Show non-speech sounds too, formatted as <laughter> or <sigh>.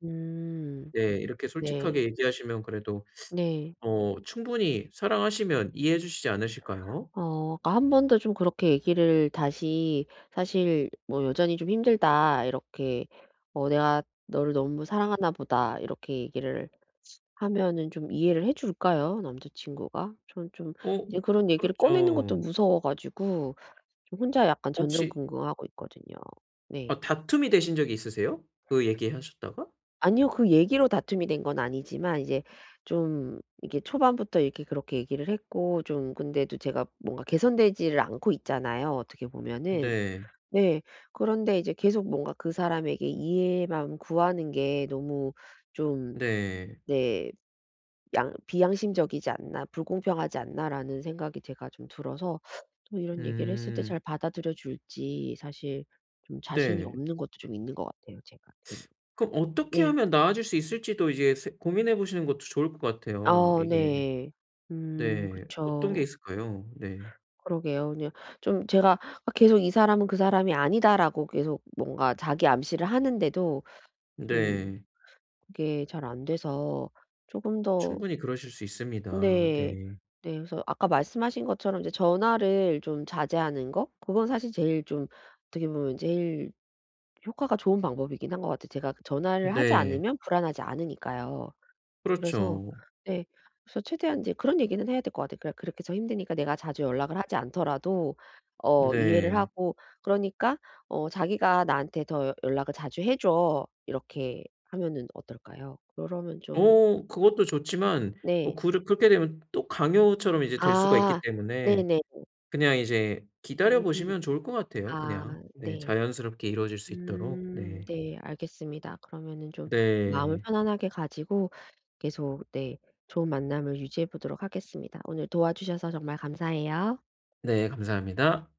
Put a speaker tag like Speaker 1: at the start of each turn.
Speaker 1: 네.
Speaker 2: 네. 이렇게
Speaker 1: 네.
Speaker 2: 솔직하게 얘기하시면 그래도
Speaker 1: 네.
Speaker 2: 어 충분히 사랑하시면 이해해 주시지 않으실까요?
Speaker 1: 어 그니까 1 번 더 좀 그렇게 얘기를 다시 사실 뭐 "여전히 좀 힘들다." 이렇게 어 "내가 너를 너무 사랑하나 보다." 이렇게 얘기를 하면은 좀 이해를 해줄까요? 남자친구가? 저는 좀
Speaker 2: 어.
Speaker 1: 이제 그런 얘기를 꺼내는 것도
Speaker 2: 그렇죠.
Speaker 1: 무서워 가지고 저 혼자 약간
Speaker 2: 혹시
Speaker 1: 전전긍긍하고 있거든요. 네.
Speaker 2: 아 다툼이 되신 적이 있으세요? 그 얘기하셨다가?
Speaker 1: 아니요. 그 얘기로 다툼이 된 건 아니지만 이제 좀 이게 초반부터 이렇게 그렇게 얘기를 했고 좀 근데도 제가 뭔가 개선되지 않고 있잖아요 어떻게
Speaker 2: 으
Speaker 1: 보면은.
Speaker 2: 네.
Speaker 1: 네. 그런데 이제 계속 뭔가 그 사람에게 이해만 구하는 게 너무 좀
Speaker 2: 네.
Speaker 1: 네 양 '비양심적이지 않나, 불공평하지 않나.'라는 생각이 제가 좀 들어서 또 이런 얘기를 했을 때 잘
Speaker 2: 음.
Speaker 1: 받아들여 줄지 사실 좀 자신이
Speaker 2: 네.
Speaker 1: 없는 것도 좀 있는 것 같아요 제가 괜히.
Speaker 2: <sucks teeth> 그럼 어떻게
Speaker 1: 네.
Speaker 2: 하면 나아질 수 있을지도 이제 세 고민해 보시는 것도 좋을 것 같아요
Speaker 1: 아
Speaker 2: 이게.
Speaker 1: 네. 음
Speaker 2: 네 어떤 게
Speaker 1: 그쵸.
Speaker 2: 있을까요? 네.
Speaker 1: 그러게요. 그냥 좀 제가 아 계속 '이 사람은 그 사람이 아니다.'라고 계속 뭔가 자기 암시를 하는데도 좀
Speaker 2: 네.
Speaker 1: 그게 잘 안 돼서 쪼금 더
Speaker 2: 충분히 그러실 수 있습니다.
Speaker 1: 네.
Speaker 2: 네.
Speaker 1: 네. 그래서 아까 말씀하신 것처럼 이제 전화를 좀 자제하는 거 그건 사실 제일 좀 어떻게 보면 제일 효과가 좋은 방법이긴 한 것 같아요. 제가 전화를 하지
Speaker 2: 네.
Speaker 1: 않으면 불안하지 않으니까요. 그래서
Speaker 2: 그렇죠.
Speaker 1: 네 그래서 최대한 이제 그런 얘기는 해야 될 것 같아요. 그러 그렇게 저 힘드니까 내가 자주 연락을 하지 않더라도 어 이해를
Speaker 2: 네.
Speaker 1: 하고 그러니까 어 "자기가 나한테 더 연 연락을 자주 해 줘." 이렇게 하면은 어떨까요? 그러면 좀
Speaker 2: 어 그것도 좋지만 뭐
Speaker 1: 네.
Speaker 2: 그렇 그렇게 되면 또 강요처럼 이제 될 수가 있기
Speaker 1: 아.
Speaker 2: 때문에
Speaker 1: 네네네네.
Speaker 2: 그냥 이제 기다려
Speaker 1: 음.
Speaker 2: 보시면 좋을 것 같아요
Speaker 1: 아
Speaker 2: 그냥. 네
Speaker 1: 네.
Speaker 2: 자연스럽게 이루어질 수
Speaker 1: 음
Speaker 2: 있도록. 네.
Speaker 1: 네 알겠습니다. 그러면은 좀 마음을
Speaker 2: 네.
Speaker 1: 편안하게 가지고 계속 네 좋은 만남을 유지해 보도록 하겠습니다. 오늘 도와주셔서 정말 감사해요.
Speaker 2: 네 감사합니다.